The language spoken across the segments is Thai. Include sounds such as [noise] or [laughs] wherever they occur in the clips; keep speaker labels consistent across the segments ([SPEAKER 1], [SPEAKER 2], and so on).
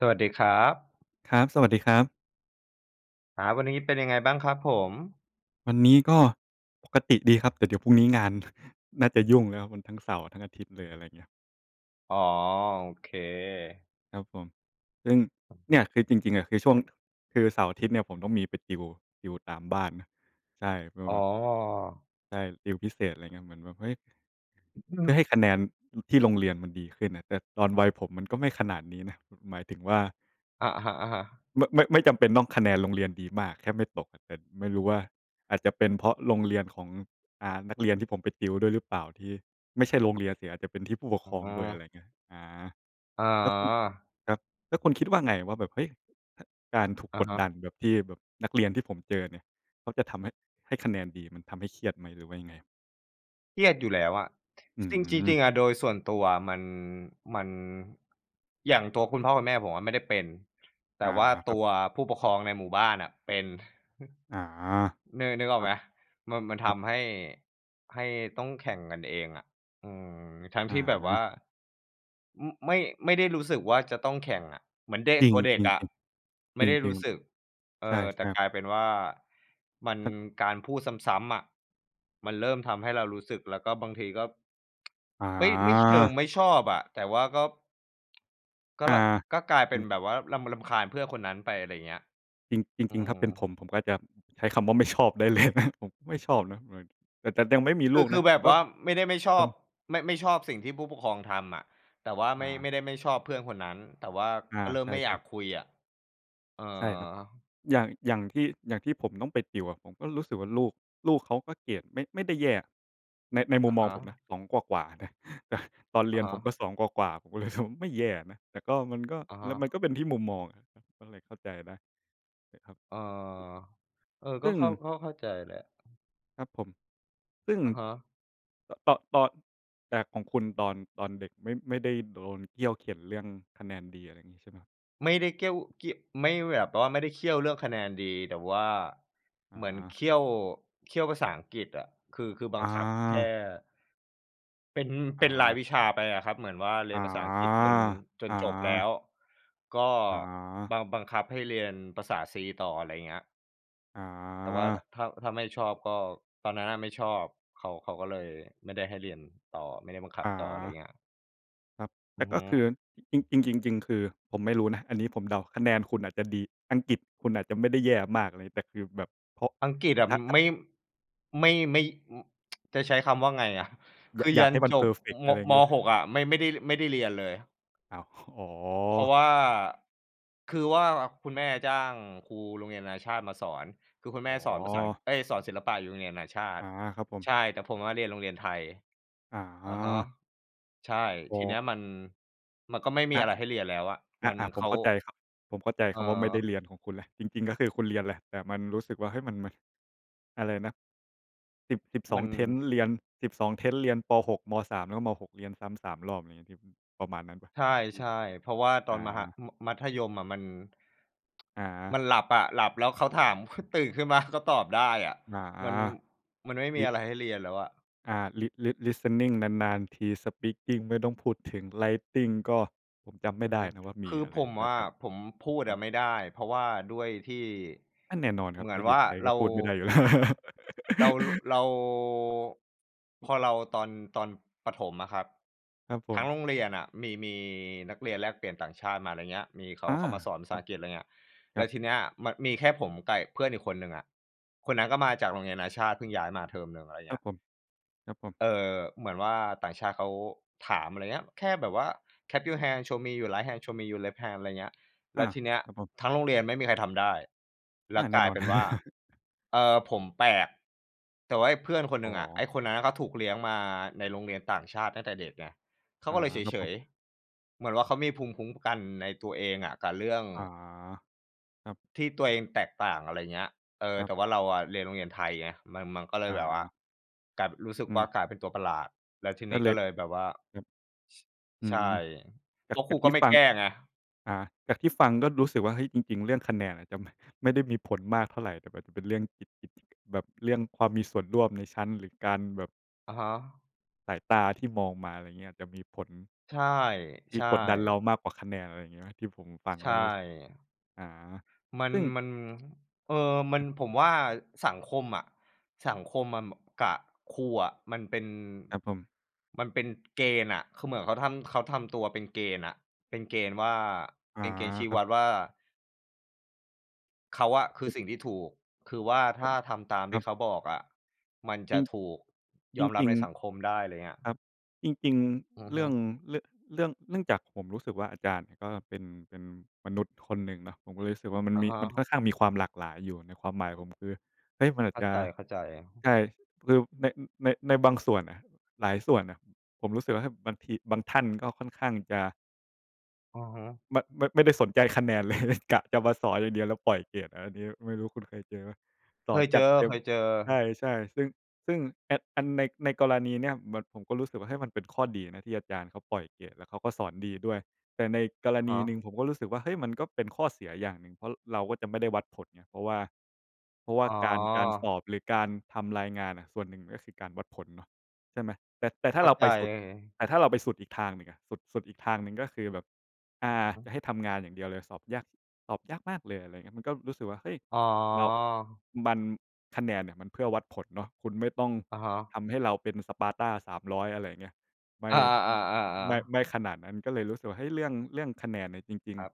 [SPEAKER 1] สวัสดีครับ
[SPEAKER 2] ครับ สวัสดีครับ
[SPEAKER 1] อา วันนี้ เป็นยังไงบ้างครับผม?
[SPEAKER 2] วันนี้ก็ปกติดีครับ แต่เดี๋ยวพรุ่งนี้งานน่าจะยุ่งครับ มันทั้งเสาร์ ทั้งอาทิตย์เลย อะไรเงี้ย
[SPEAKER 1] อ๋อ โอเค
[SPEAKER 2] ครับผม ซึ่ง เนี่ยคือจริง ๆ อะคือช่วง คือเสาร์ อาทิตย์เนี่ย ผมต้องมีไปติวอยู่ตามบ้านเนาะ ใช่ ว่า
[SPEAKER 1] อ๋อ
[SPEAKER 2] แบบ ใช่ ติวพิเศษ อะไรเงี้ย เหมือนแบบ เฮ้ย! เพื่อ
[SPEAKER 1] [clears throat]
[SPEAKER 2] ให้คะแนนที่โรงเรียนมันดีขึ้นน่ะ แต่ตอนวัยผมมันก็ไม่ขนาดนี้นะ หมายถึงว่า
[SPEAKER 1] อะฮะ ๆ
[SPEAKER 2] ไม่ ไม่ ไม่จำเป็นต้องคะแนนโรงเรียนดีมาก แค่ไม่ตก แต่ไม่รู้ว่า อาจจะเป็นเพราะโรงเรียนของ อ่า นักเรียนที่ผมไปติวด้วยหรือเปล่าที่ ไม่ใช่โรงเรียนสิ อาจจะเป็นที่ผู้ปก
[SPEAKER 1] อ
[SPEAKER 2] ครองด้วย อะ
[SPEAKER 1] ื
[SPEAKER 2] ไร
[SPEAKER 1] อ
[SPEAKER 2] เงี้ย อา
[SPEAKER 1] อ
[SPEAKER 2] แล้วคุณ
[SPEAKER 1] า
[SPEAKER 2] ครับ แล้วคุณคิดว่าไงว่าแบบ เฮ้ย! อ่า การถูก
[SPEAKER 1] อะ
[SPEAKER 2] กด
[SPEAKER 1] ฮะ
[SPEAKER 2] ดันแบบที่ แบบนักเรียนที่ผมเจอเนี่ย เขาจะทำให้ ให้คะแนนดีมันทำให้เครียดไหม หรือว่ายังไง?
[SPEAKER 1] เครียดอยู่แล้วอะ
[SPEAKER 2] อื
[SPEAKER 1] ซึ่งจริง
[SPEAKER 2] ม
[SPEAKER 1] ๆ อะ โดยส่วนตัวอะมัน มัน อย่างตัวคุณพ่อคุณแม่ผมอะไม่ได้เป็น แ
[SPEAKER 2] อ
[SPEAKER 1] ต่
[SPEAKER 2] า
[SPEAKER 1] ว่า
[SPEAKER 2] คร
[SPEAKER 1] ต
[SPEAKER 2] ั
[SPEAKER 1] ั
[SPEAKER 2] บ
[SPEAKER 1] วผู้ปกครองในหมู่บ้านน่ะเป็น
[SPEAKER 2] อา
[SPEAKER 1] อือ นึก นึกอ
[SPEAKER 2] ค
[SPEAKER 1] อ
[SPEAKER 2] ร
[SPEAKER 1] ก
[SPEAKER 2] ั
[SPEAKER 1] ไห
[SPEAKER 2] บ
[SPEAKER 1] ม? มัน มัน
[SPEAKER 2] ค
[SPEAKER 1] ท
[SPEAKER 2] รับ
[SPEAKER 1] ำให้ ให้ต้องแข่งกันเองอะ อือ ทั้ง
[SPEAKER 2] อ
[SPEAKER 1] ที่แบบว่า
[SPEAKER 2] า
[SPEAKER 1] ม ไม่ ไม่ได้รู้สึกว่าจะต้องแข่งอะ เหมือนเด็ก
[SPEAKER 2] จริ
[SPEAKER 1] ตัวเด็ก
[SPEAKER 2] ง
[SPEAKER 1] อะ
[SPEAKER 2] ๆ
[SPEAKER 1] ไ
[SPEAKER 2] ๆ
[SPEAKER 1] ม
[SPEAKER 2] จ
[SPEAKER 1] ่ได้
[SPEAKER 2] ร
[SPEAKER 1] ร
[SPEAKER 2] ิ
[SPEAKER 1] ู
[SPEAKER 2] ง
[SPEAKER 1] ้สึก เ
[SPEAKER 2] ๆ
[SPEAKER 1] อ
[SPEAKER 2] ใช
[SPEAKER 1] อ แต่
[SPEAKER 2] ่ ๆ
[SPEAKER 1] กลายเป็นว่า มัน
[SPEAKER 2] ครับ
[SPEAKER 1] การพูดซ้ำ ๆ อะ มันเริ่มทำให้เรารู้สึก แล้วก็บางทีก็ [tsk] ไม่ ไม่เชิง
[SPEAKER 2] อา
[SPEAKER 1] ไม่ชอบอะ แต่ว่าก็ ก็
[SPEAKER 2] อา
[SPEAKER 1] ล ก็กลายเ
[SPEAKER 2] อ
[SPEAKER 1] ป
[SPEAKER 2] ื
[SPEAKER 1] ็น
[SPEAKER 2] ม
[SPEAKER 1] แบบว่ารำ รำคาญเพื่อนคนนั้นไป อะไรอย่างเงี้ย
[SPEAKER 2] จริง จ
[SPEAKER 1] อื
[SPEAKER 2] ริง ๆ ถ้
[SPEAKER 1] อ
[SPEAKER 2] าเป็นผม ผมก็จะใช้คำว่า ไม่ ชอบ ได้ เลย ผมไม่ชอบนะ หมายถึง แต่ แต่ยังไม่มี
[SPEAKER 1] ค
[SPEAKER 2] ล
[SPEAKER 1] ื
[SPEAKER 2] ู
[SPEAKER 1] อ
[SPEAKER 2] ก
[SPEAKER 1] ค
[SPEAKER 2] น
[SPEAKER 1] ื
[SPEAKER 2] ะ
[SPEAKER 1] อแ
[SPEAKER 2] แ
[SPEAKER 1] บ
[SPEAKER 2] ต่
[SPEAKER 1] บ
[SPEAKER 2] ก
[SPEAKER 1] ว
[SPEAKER 2] ็
[SPEAKER 1] ่าไม่ได้ไม่ชอ
[SPEAKER 2] ต้อ
[SPEAKER 1] บ
[SPEAKER 2] ง
[SPEAKER 1] ไม่ ไม่ชอบสิ่งที่ผู้ปกครองทำอะ แต่ว่า
[SPEAKER 2] อ
[SPEAKER 1] ไม่ ไม
[SPEAKER 2] า
[SPEAKER 1] ่ได้ไม่ชอบเพื่อนคนนั้น แต่ว่า
[SPEAKER 2] อา
[SPEAKER 1] ก็เริ่
[SPEAKER 2] ใ
[SPEAKER 1] ม
[SPEAKER 2] ช่
[SPEAKER 1] ไม่อยาก
[SPEAKER 2] ๆ
[SPEAKER 1] คุยอะ เออ
[SPEAKER 2] ใช่ครับ อย่าง อย่างที่ อย่างที่ผมต้องไปติวอะ ผมก็รู้สึกว่าลูก ลูกเขาก็เกรดไม่ ไม่ได้แย่ ใน ในม
[SPEAKER 1] อ
[SPEAKER 2] ุม
[SPEAKER 1] ะ
[SPEAKER 2] ม
[SPEAKER 1] ฮ
[SPEAKER 2] อง
[SPEAKER 1] ะ
[SPEAKER 2] ผมนะ 2 กว่า ๆ นะ ตอนเ
[SPEAKER 1] อ
[SPEAKER 2] รี
[SPEAKER 1] ะ
[SPEAKER 2] ยน
[SPEAKER 1] ฮ
[SPEAKER 2] ผมก
[SPEAKER 1] ะ
[SPEAKER 2] ็ 2 กว่า ๆ ผม ก็รู้สึก ไม่แย่นะ แต่ก็ มันก็
[SPEAKER 1] อะฮ
[SPEAKER 2] แล้ว
[SPEAKER 1] ะ
[SPEAKER 2] มันก็เป็นที่มุมมองอะ ก็เลยเข้าใจได้ ใช่ครับ
[SPEAKER 1] เออ เออ
[SPEAKER 2] ซ
[SPEAKER 1] ก็
[SPEAKER 2] ึ่ง
[SPEAKER 1] เข้า เข้า เข้าใจแหละ
[SPEAKER 2] ครับผม ซึ่ง
[SPEAKER 1] อะฮะ
[SPEAKER 2] อะ ตอน ตอน แต่ของคุณตอน ตอนเด็กไม่ ไม่ได้โดนเคี่ยวเข็ญเรื่องคะแนนดี อะไรเงี้ย ใช่ไหม?
[SPEAKER 1] ไม่ได้เกี้ยว เกี้ยว ไม่ แบบว่าไม่ได้เคี่ยวเรื่องคะแนนดี แต่ว่า
[SPEAKER 2] อ
[SPEAKER 1] เหมือนเ
[SPEAKER 2] า
[SPEAKER 1] คี่ยว เคี่ยวภาษาอังกฤษอะ คือ คือบั
[SPEAKER 2] อ
[SPEAKER 1] งคับแค่
[SPEAKER 2] า
[SPEAKER 1] เป็น
[SPEAKER 2] อ
[SPEAKER 1] เป็นราย
[SPEAKER 2] า
[SPEAKER 1] วิชาไปอะครับ เหมืนอว่าเร
[SPEAKER 2] อ
[SPEAKER 1] ีย
[SPEAKER 2] า
[SPEAKER 1] นภาษาอังกฤษจน จน
[SPEAKER 2] อ
[SPEAKER 1] จบแล้
[SPEAKER 2] า
[SPEAKER 1] ว ก็
[SPEAKER 2] อา
[SPEAKER 1] บัง บังคับให้เรียนภาษาซีต่อ อะไรเงี้ย
[SPEAKER 2] อ
[SPEAKER 1] แต่ว่า ถ
[SPEAKER 2] า
[SPEAKER 1] ถ้า ถ้าไม่ชอบก็ ตอนนั้นน่ะไม่ชอบ เขา เขาก็เลยไม่ได้ให้เรียนต่อ ไม่ได้บังคับ
[SPEAKER 2] อ
[SPEAKER 1] ต่อ อะไร
[SPEAKER 2] า
[SPEAKER 1] เงี้ย
[SPEAKER 2] ครับ แต
[SPEAKER 1] อื
[SPEAKER 2] ่
[SPEAKER 1] อ
[SPEAKER 2] ก
[SPEAKER 1] ฮ
[SPEAKER 2] ็คื
[SPEAKER 1] ึ
[SPEAKER 2] อ จริง ๆ ๆ ๆ คือผมไม่รู้นะ อันนี้ผมเดา คะแนนคุณอาจจะดี อังกฤษคุณอาจจะไม่ได้แย่มากอะไร แต่คือแบบ เพราะ
[SPEAKER 1] อังกฤษอะ
[SPEAKER 2] [unintelligible]
[SPEAKER 1] ไม่ ไม่ ไม่ ม [tsk] จะใช้คำว่าไงอะ? ค
[SPEAKER 2] ย
[SPEAKER 1] ือ
[SPEAKER 2] อย
[SPEAKER 1] ย
[SPEAKER 2] าก
[SPEAKER 1] ั
[SPEAKER 2] ใ
[SPEAKER 1] น
[SPEAKER 2] ห้มัน
[SPEAKER 1] จ
[SPEAKER 2] เพ
[SPEAKER 1] บ
[SPEAKER 2] อร์เฟก อ
[SPEAKER 1] ม
[SPEAKER 2] ะไรอย่างเ
[SPEAKER 1] ม
[SPEAKER 2] งี้ย
[SPEAKER 1] อ
[SPEAKER 2] เปล
[SPEAKER 1] ห
[SPEAKER 2] ่า?
[SPEAKER 1] ก อะ ไม่ ไม่ได้ ไม่ได้เรียนเลย
[SPEAKER 2] อ้าว อ๋อ
[SPEAKER 1] เพราะว่า คือว่าคุณแม่จ้างครูโรงเรียนนานาชาติมาสอน คือคุณ
[SPEAKER 2] อ
[SPEAKER 1] แม
[SPEAKER 2] ๋
[SPEAKER 1] ่
[SPEAKER 2] อ
[SPEAKER 1] สอนภาษาอัง เอ๊ย! สอนศิลปะอยู่โรงเรียนนานาชาต
[SPEAKER 2] อา
[SPEAKER 1] ิ
[SPEAKER 2] ครับผ
[SPEAKER 1] ใ
[SPEAKER 2] ม
[SPEAKER 1] ช่ แต่ผมอะเรียนโรงเรียนไทย
[SPEAKER 2] อ
[SPEAKER 1] อะฮะ
[SPEAKER 2] า
[SPEAKER 1] ใช่
[SPEAKER 2] อ๋
[SPEAKER 1] ทีเนี้ย
[SPEAKER 2] อ
[SPEAKER 1] มัน มันก็ไม่มี
[SPEAKER 2] อ
[SPEAKER 1] อ
[SPEAKER 2] ะ
[SPEAKER 1] ะไรให้เรียนแล้วอะ มัน
[SPEAKER 2] อา ๆ ผ
[SPEAKER 1] เข
[SPEAKER 2] ม
[SPEAKER 1] า
[SPEAKER 2] เข้าใจครับ ผมเข้าใจ
[SPEAKER 1] เ
[SPEAKER 2] คำว่า ไม่ได
[SPEAKER 1] ออ
[SPEAKER 2] ้เรียนของคุณแล้ว จริง ๆ ก็คือคุณเรียนแหละ แต่ว่ามันรู้สึกว่า เฮ้ย! มัน มัน อะไรนะ? 10 สิบส
[SPEAKER 1] ม
[SPEAKER 2] อ
[SPEAKER 1] ั
[SPEAKER 2] ง
[SPEAKER 1] น
[SPEAKER 2] Tenses เรียน 12 Tenses เรียน ป.6 ม.3 แล้วก็ ม.6 เรียนซ้ำ 3 รอบอย่างงี้ใช่ไหม? ประมาณนั้น
[SPEAKER 1] ใช
[SPEAKER 2] อืม
[SPEAKER 1] ่ ๆ เพราะว่าต
[SPEAKER 2] อ
[SPEAKER 1] อนมหา
[SPEAKER 2] า
[SPEAKER 1] ม มัธยมอะมัน
[SPEAKER 2] อ
[SPEAKER 1] ม
[SPEAKER 2] า
[SPEAKER 1] ันหลับอะ หลับแล้วเขาถาม ค ตื่นขึ้นมาก็ตอบได้อะ
[SPEAKER 2] อา
[SPEAKER 1] มัน มันไม่ม
[SPEAKER 2] ล
[SPEAKER 1] ี
[SPEAKER 2] ิ
[SPEAKER 1] อะไรให้เรียนแล้วอะ
[SPEAKER 2] อา li lis listening นาน ๆ ที speaking ไม่ต้องพูดถึง writing ก็ผมจำไม่ไ
[SPEAKER 1] อื
[SPEAKER 2] ด้
[SPEAKER 1] ม
[SPEAKER 2] นะว่าม
[SPEAKER 1] ค
[SPEAKER 2] ี
[SPEAKER 1] ือ
[SPEAKER 2] อะไ
[SPEAKER 1] ผ
[SPEAKER 2] ร
[SPEAKER 1] ม
[SPEAKER 2] น่า
[SPEAKER 1] อะ
[SPEAKER 2] จะ
[SPEAKER 1] ผมพูด
[SPEAKER 2] ครั
[SPEAKER 1] อะ
[SPEAKER 2] บ
[SPEAKER 1] ไม่ได้ เพราะว่าด้วยที่
[SPEAKER 2] อา แน่นอนคร
[SPEAKER 1] เ
[SPEAKER 2] ั
[SPEAKER 1] ห
[SPEAKER 2] บ
[SPEAKER 1] มื
[SPEAKER 2] ถ
[SPEAKER 1] อ
[SPEAKER 2] ้
[SPEAKER 1] น
[SPEAKER 2] าอยู
[SPEAKER 1] ว
[SPEAKER 2] ่
[SPEAKER 1] ่า
[SPEAKER 2] ไทย
[SPEAKER 1] เ
[SPEAKER 2] ก
[SPEAKER 1] ร
[SPEAKER 2] ็
[SPEAKER 1] า
[SPEAKER 2] พูดไม่ได้อยู่ แล้ว
[SPEAKER 1] เรา ล เรา
[SPEAKER 2] [laughs]
[SPEAKER 1] พอเราตอน ตอนประถมอะครับ
[SPEAKER 2] ครับผ
[SPEAKER 1] ทั้ง
[SPEAKER 2] ม
[SPEAKER 1] โรงเรียนน่ะมี มีนักเรียนแลกเปลี่ยนต่างชาติมา อะไรเงี้ย มีเข
[SPEAKER 2] อ
[SPEAKER 1] า
[SPEAKER 2] า
[SPEAKER 1] เขามาสอนภ
[SPEAKER 2] ค
[SPEAKER 1] าษ
[SPEAKER 2] รั
[SPEAKER 1] า
[SPEAKER 2] บ
[SPEAKER 1] อังกฤษ อะไรเงี้ย
[SPEAKER 2] ค
[SPEAKER 1] แ
[SPEAKER 2] ร
[SPEAKER 1] ล
[SPEAKER 2] ั
[SPEAKER 1] ้ว
[SPEAKER 2] บ
[SPEAKER 1] ทีเนี้ยมันมีแค่ผมไก่ เพื่อนอีกคนหนึ่งอะ คนนั้นก็มาจากโรงเรียนนานาชาติ เพิ่งย้ายมาเทอมหนึ่ง อะไร
[SPEAKER 2] คร
[SPEAKER 1] เง
[SPEAKER 2] ั
[SPEAKER 1] ี
[SPEAKER 2] บ
[SPEAKER 1] ้ย
[SPEAKER 2] ผม ครับผม
[SPEAKER 1] เอ่อ เหมือนว่าต่างชาติเขาถาม อะไรอย่างเงี้ย แค่แบบว่า clap your hand show me your right hand show me your left hand อะไรเงี้ย
[SPEAKER 2] อ
[SPEAKER 1] แล
[SPEAKER 2] า
[SPEAKER 1] ้วทีเนี้ย
[SPEAKER 2] ครับผม
[SPEAKER 1] ทั้งโรงเรียนไม่มีใครทำได้ แล
[SPEAKER 2] อา
[SPEAKER 1] ะ
[SPEAKER 2] แน
[SPEAKER 1] ก
[SPEAKER 2] ่
[SPEAKER 1] ลา
[SPEAKER 2] น
[SPEAKER 1] ย
[SPEAKER 2] อน
[SPEAKER 1] เป็นว่า
[SPEAKER 2] [chuckles]
[SPEAKER 1] เออ ผมแปลก แต่ว่าไอ้เพื่อนคน
[SPEAKER 2] อ
[SPEAKER 1] หน
[SPEAKER 2] ๋
[SPEAKER 1] ึ่งอะ ไอ
[SPEAKER 2] อ
[SPEAKER 1] ้คนนั้นอะเขาถูกเลี้ยงมาในโรงเรียนต่างชาติตั้งแต่เเด็กไง เข
[SPEAKER 2] อ
[SPEAKER 1] า
[SPEAKER 2] า
[SPEAKER 1] ก็เลยเ
[SPEAKER 2] ครับ
[SPEAKER 1] ฉ
[SPEAKER 2] ผม
[SPEAKER 1] ย ๆ เหมือนว่าเขามีภูมิคุ้มกันในตัวเองอะกับเรื่อง
[SPEAKER 2] อา ครับ
[SPEAKER 1] ที่ตัวเองแตกต่าง อะไรอย่างเงี้ย เอ่
[SPEAKER 2] ค
[SPEAKER 1] อ
[SPEAKER 2] รั
[SPEAKER 1] แ
[SPEAKER 2] บ
[SPEAKER 1] ต่ว่าเราอะเรียนโรงเรียนไทยไง มัน มันก็เล
[SPEAKER 2] อ
[SPEAKER 1] ยแบบว่า
[SPEAKER 2] า
[SPEAKER 1] กลายเป็น รู้สึก
[SPEAKER 2] อื
[SPEAKER 1] ว่า
[SPEAKER 2] ม
[SPEAKER 1] กลายเป็นตัวประหลาด แล้วที
[SPEAKER 2] ก
[SPEAKER 1] น
[SPEAKER 2] ็
[SPEAKER 1] ี้
[SPEAKER 2] เล
[SPEAKER 1] ก็
[SPEAKER 2] ย
[SPEAKER 1] เลยแบบว่า
[SPEAKER 2] ครับ อื
[SPEAKER 1] ช ใช่
[SPEAKER 2] ม จ
[SPEAKER 1] แล
[SPEAKER 2] าก
[SPEAKER 1] ้วค
[SPEAKER 2] จ
[SPEAKER 1] รู
[SPEAKER 2] ากท
[SPEAKER 1] ก็
[SPEAKER 2] ี่
[SPEAKER 1] ไม่
[SPEAKER 2] ฟั
[SPEAKER 1] แก
[SPEAKER 2] ง
[SPEAKER 1] ้ไง
[SPEAKER 2] อ่า จากที่ฟังก็รู้สึกว่า เฮ้ย! จริง ๆ เรื่องคะแนนอะ จะไม่ ไม่ได้มีผลมากเท่าไร แต่อาจจะเป็นเรื่อง ที่ ที่ แบบเรื่องความมีส่วนร่วมในชั้น หรือการแบบ
[SPEAKER 1] อะฮะ
[SPEAKER 2] สายตาที่มองมา อะไรเงี้ย จะมีผล
[SPEAKER 1] ใ
[SPEAKER 2] ที่
[SPEAKER 1] ช่
[SPEAKER 2] กดดันเร
[SPEAKER 1] ๆ
[SPEAKER 2] ามากกว่าคะแนน อะไรเงี้ยไหม? ที่ผมฟัง
[SPEAKER 1] ใช
[SPEAKER 2] แล้วรู้สึก
[SPEAKER 1] ่
[SPEAKER 2] อา
[SPEAKER 1] มัน
[SPEAKER 2] ซึ่ง
[SPEAKER 1] มัน เออ มั
[SPEAKER 2] ค
[SPEAKER 1] น
[SPEAKER 2] รับ
[SPEAKER 1] ผมว่า สังคมอะ สังคมอะบับ กะ ครูอะมันเป็น
[SPEAKER 2] ครับผม
[SPEAKER 1] มันเป็นเกณฑ์น่ะ คือเหมือนเขาทำ เขาทำตัวเป็นเกณฑ์น่ะ เป็นเกณฑ์ว่า
[SPEAKER 2] อา
[SPEAKER 1] เป็นเกณฑ์ชี้
[SPEAKER 2] ครั
[SPEAKER 1] ว
[SPEAKER 2] บ
[SPEAKER 1] ัดว่า เขาอะคือ
[SPEAKER 2] [unintelligible]
[SPEAKER 1] สิ่งที่ถูก คือว่าถ
[SPEAKER 2] ผ
[SPEAKER 1] ้
[SPEAKER 2] ม
[SPEAKER 1] าทำตาม
[SPEAKER 2] ค
[SPEAKER 1] ท
[SPEAKER 2] ร
[SPEAKER 1] ี
[SPEAKER 2] ั
[SPEAKER 1] ่
[SPEAKER 2] บ
[SPEAKER 1] เขาบอกอะ มันจ
[SPEAKER 2] จร
[SPEAKER 1] ะ
[SPEAKER 2] ิง
[SPEAKER 1] ถูกยอมรั
[SPEAKER 2] จร
[SPEAKER 1] บ
[SPEAKER 2] ิ
[SPEAKER 1] ใ
[SPEAKER 2] ง
[SPEAKER 1] นสังคมได้ อะไรเงี้ย
[SPEAKER 2] ๆ ครับ จริง
[SPEAKER 1] อือ
[SPEAKER 2] ๆ เร
[SPEAKER 1] ฮ
[SPEAKER 2] ื
[SPEAKER 1] ึ
[SPEAKER 2] ่อง เรื่อง เรื่อง เนื่องจากผมรู้สึกว่าอาจารย์ก็เป็น เป็นมนุษย์คนหนึ่งเนาะ ผมก็เลยรู้สึกว่ามัน
[SPEAKER 1] อะ
[SPEAKER 2] มี
[SPEAKER 1] ฮ
[SPEAKER 2] มันค่
[SPEAKER 1] ะ
[SPEAKER 2] อนข้างมีความหลากหลายอยู่ ในความหมายผมคือ เฮ้ย! มันอา
[SPEAKER 1] เข
[SPEAKER 2] จ
[SPEAKER 1] ้า
[SPEAKER 2] จะ
[SPEAKER 1] ใจ ๆ
[SPEAKER 2] ใช่ คือ ใน ใน ในบางสวนน่ะ หลายส่วนน่ะ ผมรู้สึกว่าบางที บางท่านก็ค่อนข้างจะ
[SPEAKER 1] อือฮึ
[SPEAKER 2] ไม่ ไม่ ไม่ได้สนใจคะแนน เลย กะจะมาสอนอย่างเดียวแล้วปล่อยเกรดอะ อันนี้ไม่รู้คุณเคยเจอเปล่า? ส
[SPEAKER 1] เค
[SPEAKER 2] อน
[SPEAKER 1] ยเ
[SPEAKER 2] จ
[SPEAKER 1] จอ
[SPEAKER 2] ัดเต็
[SPEAKER 1] เ
[SPEAKER 2] ม
[SPEAKER 1] คยเจอ
[SPEAKER 2] ใช่ ๆ ซึ่ง ซึ่งอัน อันใน ในกรณีเนี้ย เหมือนผมก็รู้สึกว่า เฮ้ย! มันเป็นข้อดีนะที่อาจารย์เขาปล่อยเกรด แล้วเขาก็สอนดีด้วย แต่ในกร
[SPEAKER 1] อะ
[SPEAKER 2] ณ
[SPEAKER 1] ฮ
[SPEAKER 2] ีหนึ่ง
[SPEAKER 1] ะ
[SPEAKER 2] ผมก็รู้สึกว่า เฮ้ย! มันก็เป็นข้อเสียอย่างหนึ่ง เพราะเราก็จะไม่ได้วัดผลไง เพราะว่า เพราะว่า
[SPEAKER 1] อ๋
[SPEAKER 2] การ การส
[SPEAKER 1] อ
[SPEAKER 2] อบหรือการทำรายงานน่ะ ส่วนหนึ่งก็คือการวัดผลเนาะ ใช่ไหม? แต่ แต่ถ้
[SPEAKER 1] เ
[SPEAKER 2] า
[SPEAKER 1] ข้
[SPEAKER 2] เ
[SPEAKER 1] า
[SPEAKER 2] รา
[SPEAKER 1] ใ
[SPEAKER 2] ไ
[SPEAKER 1] จ
[SPEAKER 2] ปสุด แต่ถ้าเราไปสุดอีกทางหนึ่งอะ สุด สุดอีกทางหนึ่ง ก็คือแบบ อ
[SPEAKER 1] อ
[SPEAKER 2] ่า
[SPEAKER 1] ือฮึ
[SPEAKER 2] จะให้ทำงานอย่างเดียวเลย สอบยาก สอบยากมากเลย อะไรเงี้ย มันก็รู้สึกว่า เฮ้ย!
[SPEAKER 1] อ๋อ
[SPEAKER 2] เรา มัน คะแนนเนี่ย มันเพื่อวัดผลเนาะ คุณไม่ต้อง
[SPEAKER 1] อะฮะ
[SPEAKER 2] ทำให้เราเป็น Sparta 300 อะไรเงี้ย ไม่
[SPEAKER 1] อา
[SPEAKER 2] ม ไม
[SPEAKER 1] ๆ
[SPEAKER 2] ่
[SPEAKER 1] ๆ ๆ ๆ
[SPEAKER 2] ไม่ขนาดนั้น ก็เลยรู้สึกว่า เฮ้ย! เรื่อง เรื่องคะแนนเนี่ยจริง
[SPEAKER 1] ครั
[SPEAKER 2] ๆ
[SPEAKER 1] บ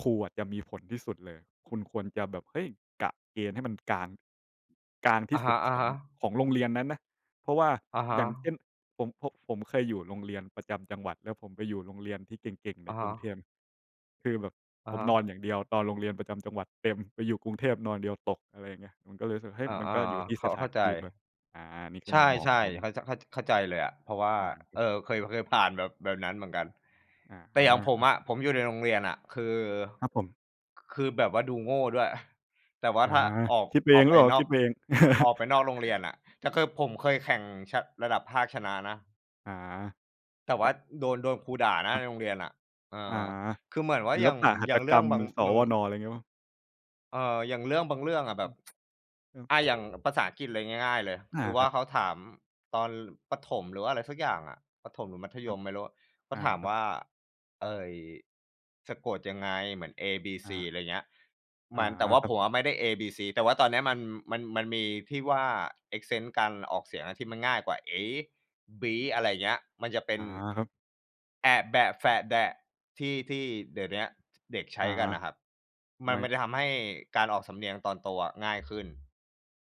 [SPEAKER 2] ครูอะจะมีผลที่สุดเลย คุณควรจะแบบ เฮ้ย! กะเกณฑ์ให้มันกลาง กลางท
[SPEAKER 1] อ
[SPEAKER 2] ี
[SPEAKER 1] ะ
[SPEAKER 2] ่ส
[SPEAKER 1] ฮ
[SPEAKER 2] ุ
[SPEAKER 1] ะ
[SPEAKER 2] ดของ
[SPEAKER 1] ๆ
[SPEAKER 2] ของโรงเรียนนั้นนะ เพราะว่า
[SPEAKER 1] อะฮ
[SPEAKER 2] อ
[SPEAKER 1] ะ
[SPEAKER 2] ย่างเช่น ผม ผม ผมเคยอยู่โรงเรียนประจำจังหวัด แล้วผมไปอยู่โรงเรียนที่เก่ง ๆ
[SPEAKER 1] อ
[SPEAKER 2] ใน
[SPEAKER 1] ะฮ
[SPEAKER 2] กรุงเท
[SPEAKER 1] ะ
[SPEAKER 2] พ คือแบบ
[SPEAKER 1] อ
[SPEAKER 2] ผ
[SPEAKER 1] ะ
[SPEAKER 2] ม
[SPEAKER 1] ฮ
[SPEAKER 2] น
[SPEAKER 1] ะ
[SPEAKER 2] อนอย่างเดียวตอนโรงเรียนประจำจังหวัด แต่ไปอยู่กรุงเทพนอนเดียวตก อะไรอย่างเงี้ย มันก็เลยรู้สึก เฮ้
[SPEAKER 1] อ
[SPEAKER 2] ย!
[SPEAKER 1] า
[SPEAKER 2] มันก็อยู่
[SPEAKER 1] ๆ
[SPEAKER 2] ที่
[SPEAKER 1] ๆ เข
[SPEAKER 2] ส
[SPEAKER 1] ้า
[SPEAKER 2] ถ
[SPEAKER 1] เข
[SPEAKER 2] า
[SPEAKER 1] ้
[SPEAKER 2] น
[SPEAKER 1] าใ
[SPEAKER 2] ท
[SPEAKER 1] จ
[SPEAKER 2] ี่ด้วย อา นี่คื
[SPEAKER 1] ใ
[SPEAKER 2] อ
[SPEAKER 1] ช
[SPEAKER 2] มุมมองข
[SPEAKER 1] ่
[SPEAKER 2] องผม
[SPEAKER 1] ๆ เข้า จ เข้า จ เข้าใจเลยอะ เพราะว่า
[SPEAKER 2] อา
[SPEAKER 1] เอ่อ เคย เคยผ่านแบบ แบบนั้นเหมือนกัน
[SPEAKER 2] อะ
[SPEAKER 1] แต
[SPEAKER 2] ฮ
[SPEAKER 1] ่
[SPEAKER 2] ะ
[SPEAKER 1] อย่างผ
[SPEAKER 2] ค
[SPEAKER 1] ม
[SPEAKER 2] รับ
[SPEAKER 1] อะ ผมอยู่ในโรงเรียนน่ะคือ
[SPEAKER 2] ครับผม
[SPEAKER 1] คือแบบว่าดูโง่ด้วย [chuckles] แต่ว่า
[SPEAKER 2] อา
[SPEAKER 1] ถ้าออก
[SPEAKER 2] คิดไป
[SPEAKER 1] อ
[SPEAKER 2] เอ
[SPEAKER 1] อ
[SPEAKER 2] ง
[SPEAKER 1] ก
[SPEAKER 2] หรื
[SPEAKER 1] ไป
[SPEAKER 2] อเปล่า
[SPEAKER 1] นอ
[SPEAKER 2] คิ
[SPEAKER 1] ก
[SPEAKER 2] ดไปเอง?
[SPEAKER 1] อ
[SPEAKER 2] [chuckles]
[SPEAKER 1] อกไปนอกโรงเรียนน่ะ แต่คือผมเคยแข่งชะ ระดับภาคชนะนะ
[SPEAKER 2] อา
[SPEAKER 1] แต่ว
[SPEAKER 2] อ
[SPEAKER 1] ่า
[SPEAKER 2] ะ
[SPEAKER 1] โดน โดนครูด่านะ
[SPEAKER 2] คร
[SPEAKER 1] ใ
[SPEAKER 2] ับ
[SPEAKER 1] นโรงเรียนน่ะ เออ
[SPEAKER 2] อา
[SPEAKER 1] คือเหมือนว่
[SPEAKER 2] ศ
[SPEAKER 1] า
[SPEAKER 2] ิ
[SPEAKER 1] อ
[SPEAKER 2] ล
[SPEAKER 1] ย่าง
[SPEAKER 2] ปหัต
[SPEAKER 1] อย่
[SPEAKER 2] ถ
[SPEAKER 1] างเร
[SPEAKER 2] ก
[SPEAKER 1] ื
[SPEAKER 2] ร
[SPEAKER 1] ่อง
[SPEAKER 2] รม
[SPEAKER 1] บาง
[SPEAKER 2] ส
[SPEAKER 1] บาง
[SPEAKER 2] วน. อะไรงี้เปล่า?
[SPEAKER 1] เอ่อ อย่างเรื่องบางเรื่องอะแ
[SPEAKER 2] อ
[SPEAKER 1] บ
[SPEAKER 2] ื
[SPEAKER 1] บ
[SPEAKER 2] ม เออ
[SPEAKER 1] [tsk] อา อย่างภาษาอังกฤษเลยง่าย ๆ เลย
[SPEAKER 2] อ
[SPEAKER 1] ค
[SPEAKER 2] า
[SPEAKER 1] ือว
[SPEAKER 2] ค
[SPEAKER 1] ่
[SPEAKER 2] ร
[SPEAKER 1] า
[SPEAKER 2] ับ
[SPEAKER 1] เขาถามตอนประถม หรือว่าอะไรสักอย่างอะ ประถมหรือมัธ
[SPEAKER 2] ค
[SPEAKER 1] ย
[SPEAKER 2] รับ
[SPEAKER 1] มไม่รู้ เขา
[SPEAKER 2] อา
[SPEAKER 1] ถาม
[SPEAKER 2] ครับ
[SPEAKER 1] ว่า เอ่อ สะกดยังไง? เหมือน เอ บี
[SPEAKER 2] อ
[SPEAKER 1] ซี
[SPEAKER 2] า
[SPEAKER 1] อะไรเงี้ย
[SPEAKER 2] อ
[SPEAKER 1] ม
[SPEAKER 2] า
[SPEAKER 1] ัน แต่ว่า
[SPEAKER 2] ครั
[SPEAKER 1] ผ
[SPEAKER 2] บ
[SPEAKER 1] มอะไม่ได้ เอ บี ซี แต่ว่าตอนเนี้ย มัน มัน มีที่ว่า accent การออกเสียงอะที่มันง่ายกว่า เอ บี อะไรอย่างเงี้ย มันจะเป็
[SPEAKER 2] อ
[SPEAKER 1] น
[SPEAKER 2] า ครับ
[SPEAKER 1] แอะ แบะ แฟะ แดะ ที่ ที่เดี๋ยวเนี้ย ช เด็กใช
[SPEAKER 2] อ
[SPEAKER 1] ้
[SPEAKER 2] า
[SPEAKER 1] กันน่ะครับ ม
[SPEAKER 2] ไ
[SPEAKER 1] ั
[SPEAKER 2] ม
[SPEAKER 1] น
[SPEAKER 2] ่
[SPEAKER 1] มันจะทำให้การออกสำเนียงตอนโตอะง่ายขึ้น